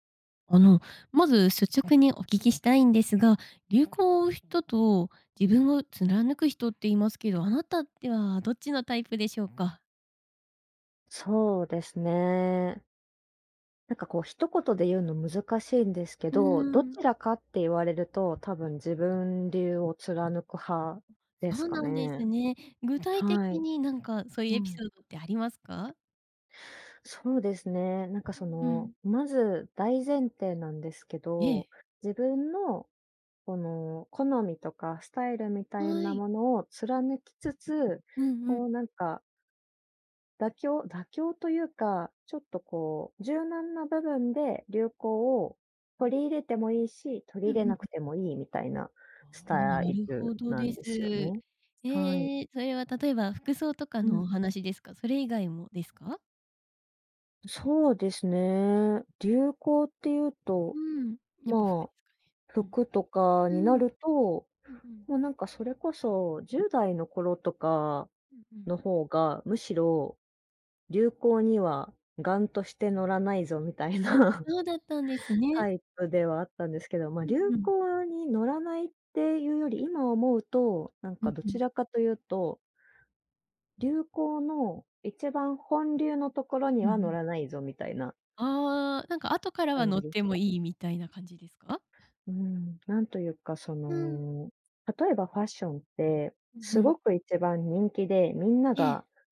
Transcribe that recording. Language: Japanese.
あの、まず率直にお聞きしたいんですが、流行を追う人と自分を貫く人っていますけど、あなたってはどっちのタイプでしょうか？そうですね。なんかこう一言で言うの難しいんですけうど、どん。ちらかって言われると多分自分流を貫く派でそすうかなんですね。ね。具体は的い。になんかそういううエピん。ソードってありますか？そうですね、なんかそうの、ん。まず大前提なんですけええ。ど、自分の、この好みとかスタイルみたいはない。ものを貫きつつ、うんうん。こうなんか妥協妥協というか、ちょっとこう柔軟な部分で流行を取り入れてもいいし、取りう入れんうなくん。てもいいみたいなスああ、タなイるルほどなんです。ですよね。はい。ええ、それは例えば、服装とかうのん。お話ですか、それ以外もですか？そうですね、流行っていうと、うん、やっぱ服でまあ、すかね、服とかうになん。うん。ると、うんうん。ま、なんかそれこそ10代の頃とかうんうん。の方が、むしろ「流行には頑として乗らないぞ」みたいあ、な、そうだったんですね。タイプではあったんですけど、ま、う流んうん。行に乗らないっていうより、今思うと、なんうんかどうちん。らかというと流行の、一番本流のところうにんうは乗ん。らないぞみたいなあ、なんか後からは感乗じっでてしもた。いいみたいな感じですか？うん、なんというかそうん。の、例えばファッションって、うんうすん。ごく一番人気で、みんなええ。が